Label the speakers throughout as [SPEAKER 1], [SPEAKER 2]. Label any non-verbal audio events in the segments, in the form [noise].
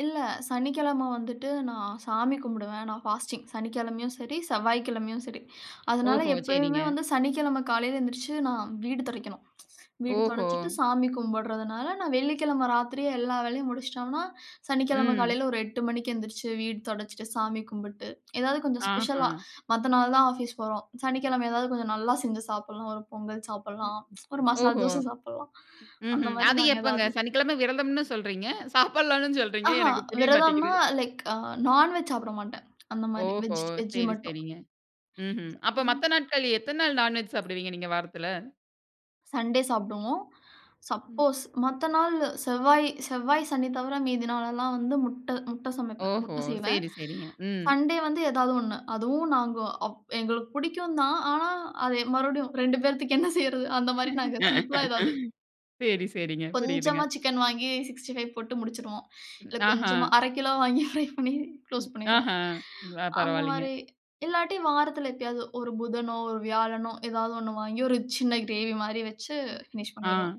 [SPEAKER 1] இல்ல, சனிக்கிழமை வந்துட்டு நான் சாமி கும்பிடுவேன் நான் ஃபாஸ்டிங், சனிக்கிழமையும் சரி, செவ்வாய்க்கிழமையும் சரி, அதனால
[SPEAKER 2] ஓஹோ!
[SPEAKER 1] எப்பயுமே
[SPEAKER 2] சரிங்க.
[SPEAKER 1] வந்து சனிக்கிழமை காலையில எந்திரிச்சு நான் வீடு தொடைக்கணும். வீடு
[SPEAKER 2] ஓஹோ!
[SPEAKER 1] தொடைச்சுட்டு சாமி கும்பிடறதுனால, நான் வெள்ளிக்கிழமை ராத்திரியே எல்லா வேலையும் முடிச்சுட்டோம்னா, சனிக்கிழமை
[SPEAKER 2] ம்.
[SPEAKER 1] காலையில் ஒரு 8:00 மணிக்கு எந்திரிச்சு, வீடு துடைச்சிட்டு சாமி கும்பிட்டு, ஏதாவது கொஞ்சம் ஸ்பெஷலா
[SPEAKER 2] ஆஹம்.
[SPEAKER 1] மத்த நாள் தான் ஆஃபீஸ் போறோம். சனிக்கிழமை எதாவது கொஞ்சம் நல்லா செஞ்சு சாப்பிடலாம், ஒரு பொங்கல்
[SPEAKER 2] ம்.
[SPEAKER 1] சாப்பிடலாம். ஒரு மசால்
[SPEAKER 2] ஓஹோ,
[SPEAKER 1] தோசை சாப்பிடலாம். அந்த
[SPEAKER 2] ம்ஹ்ம்.
[SPEAKER 1] மாதிரி
[SPEAKER 2] அது
[SPEAKER 1] நாங்க
[SPEAKER 2] எப்பங்க?
[SPEAKER 1] ஏதாவது
[SPEAKER 2] சனிக்கிழமை விரதம்னு சொல்றீங்க, சாப்பிடலான்னு சொல்றீங்க
[SPEAKER 1] ஆஹா,
[SPEAKER 2] எனக்கு புரிய
[SPEAKER 1] விரதம்ன்னா,
[SPEAKER 2] மாட்டேங்குது.
[SPEAKER 1] லைக் நான்வெஜ் சாப்பிட மாட்டேன். அந்த மாரி
[SPEAKER 2] ஓஹோ!
[SPEAKER 1] வெஜ் வெஜ்
[SPEAKER 2] சரி,
[SPEAKER 1] மட்டும்.
[SPEAKER 2] சரிங்க. ம்ஹ்ம். அப்போ மத்த
[SPEAKER 1] [unintelligible]
[SPEAKER 2] நாட்கள், எத்தனை நாள் நான்வெஜ் சாப்பிடுவீங்க நீங்க வாரத்தில?
[SPEAKER 1] சண்டே சாப்பிடுவோம்.
[SPEAKER 2] ம்.
[SPEAKER 1] சப்போஸ் மத்த நாளு, செவ்வாய், செவ்வாய் சனி தவிர மீதி நாள் எல்லாம் வந்து, முட்டை முட்டை சமைப்பேன்,
[SPEAKER 2] ஓஹோ!
[SPEAKER 1] முட்டை செய்வேன்.
[SPEAKER 2] சரி, சரிங்க. ம்.
[SPEAKER 1] சண்டே வந்து ஏதாவது ஒண்ணு. அதுவும் நாங்க அப் எங்களுக்கு புடிக்கும் தான் ஆனா, அது மறுபடியும் 2 பேர்த்துக்கு என்ன செய்றது அந்த மாரி நாங்க சிம்பிளா ஏதாவது.
[SPEAKER 2] [laughs] சரி, சரிங்க. புரிதுங்க.
[SPEAKER 1] கொஞ்சமா சிக்கன் வாங்கி 65 போட்டு முடிச்சுருவோம்.
[SPEAKER 2] ம்.
[SPEAKER 1] இல்லை கொஞ்சமா
[SPEAKER 2] ஆஹாம்,
[SPEAKER 1] 1/2 கிலோ வாங்கி ஃப்ரை பண்ணி [chuckles] குளோஸ்
[SPEAKER 2] ம்.
[SPEAKER 1] பண்ணிருவோம்.
[SPEAKER 2] ஆஹாம். [unintelligible]
[SPEAKER 1] அந்த
[SPEAKER 2] பரவாயில்லங்க.
[SPEAKER 1] மாரி, இல்லாட்டி வாரத்தில எப்பயாவது ஒரு புதனோ, ஒரு வியாழனோ, ஏதாவது 1 வாங்கி ஒரு சின்ன கிரேவி மாரி வச்சு
[SPEAKER 2] ம்.
[SPEAKER 1] பினிஷ்
[SPEAKER 2] ஆ,
[SPEAKER 1] பண்ணிருவோம்.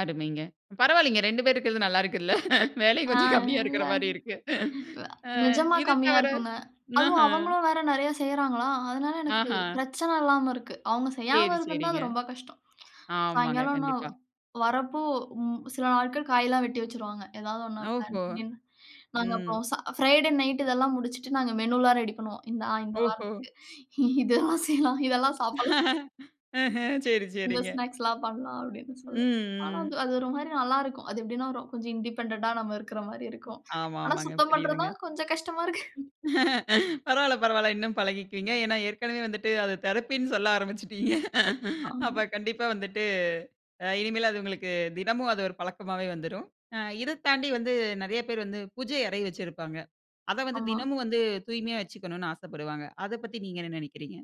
[SPEAKER 2] அருமைங்க. பரவாயில்லைங்க 2 பேர் இருக்கிறது நல்லா இருக்குல்ல, [chuckles] வேலையும்
[SPEAKER 1] ஆ
[SPEAKER 2] கொஞ்சம் கம்மியா
[SPEAKER 1] இல்ல.
[SPEAKER 2] இருக்கிற மாரி இருக்கு.
[SPEAKER 1] வ
[SPEAKER 2] அ
[SPEAKER 1] நிஜமா
[SPEAKER 2] இது
[SPEAKER 1] கம்மியா
[SPEAKER 2] தவிர,
[SPEAKER 1] இருக்குங்க. அதுவும்
[SPEAKER 2] ம்ஹம்.
[SPEAKER 1] அவங்களும் வேற நெறைய செய்றாங்களா? அதனால எனக்கு
[SPEAKER 2] ஆஹாம்.
[SPEAKER 1] பிரச்சனை இல்லாம இருக்கு. அவங்க செய்யாம
[SPEAKER 2] சரி,
[SPEAKER 1] இருந்திருந்தா, அது
[SPEAKER 2] சரிங்க.
[SPEAKER 1] ரொம்ப கஷ்டம்.
[SPEAKER 2] ஆமாங்க,
[SPEAKER 1] சாயங்காலம் நான்
[SPEAKER 2] கண்டிப்பா.
[SPEAKER 1] வரப்போ, ம் சில நாட்கள் காயலாம் வெட்டி வச்சுருவாங்க. ஏதாவது ஒண்ண பிளான்
[SPEAKER 2] ஓஹோ!
[SPEAKER 1] பண்ணி, நாங்க
[SPEAKER 2] ம்.
[SPEAKER 1] அப்புறம் ச அ ஃப்ரைடே நைட்டு இதெல்லாம் முடிச்சுட்டு, நாங்க மெனுலாம் ரெடி பண்ணுவோம். இந்த ஆ, இந்த
[SPEAKER 2] ஓஹோ!
[SPEAKER 1] வாரத்துக்கு. இதெல்லாம் செய்யலாம், இதெல்லாம் சாப்பிடலாம்,
[SPEAKER 2] [laughs] ம்ஹ்ம். சரி,
[SPEAKER 1] இந்த
[SPEAKER 2] சரிங்க.
[SPEAKER 1] ஸ்நாக்ஸ்ல்லாம் பண்ணலாம் அப்படின்னு சொல்லி. ஆனா,
[SPEAKER 2] ம், ம்.
[SPEAKER 1] அது ஒரு மாரி நல்லாருக்கும். அது எப்டின்னா, கொஞ்சம் இண்டிபெண்டண்ட்டா நம்ம இருக்கிற மாரி
[SPEAKER 2] ம்.
[SPEAKER 1] இருக்கும். ஆனா,
[SPEAKER 2] ஆமாமாங்க,
[SPEAKER 1] சுத்தம் பண்றது
[SPEAKER 2] புரியுதுங்க.
[SPEAKER 1] தான் கொஞ்சம் கஷ்டமா இருக்கு.
[SPEAKER 2] ம். பரவால்லை பரவால்லை. இன்னும் பழகிக்குவீங்க. ஏன்னா ஏற்கனவே வந்துட்டு அதை தெரப்பின்னு சொல்ல ஆரம்பிச்சுடீங்க.
[SPEAKER 1] ஆமா.
[SPEAKER 2] அப்போ கண்டிப்பா வந்துட்டு, அ இனிமேல் அது உங்களுக்கு, தினமும் அது ஒரு பழக்கமாவே வந்துரும். அ இதை தாண்டி வந்து நெறைய பேர் வந்து பூஜை அறை வச்சிருப்பாங்க. அத வந்து
[SPEAKER 1] ஆமா.
[SPEAKER 2] தினமும் வந்து, தூய்மையா வச்சுக்கணும்ன்னு ஆசப்படுவாங்க. அதை பத்தி நீங்க என்ன நெனைக்கிறீங்க?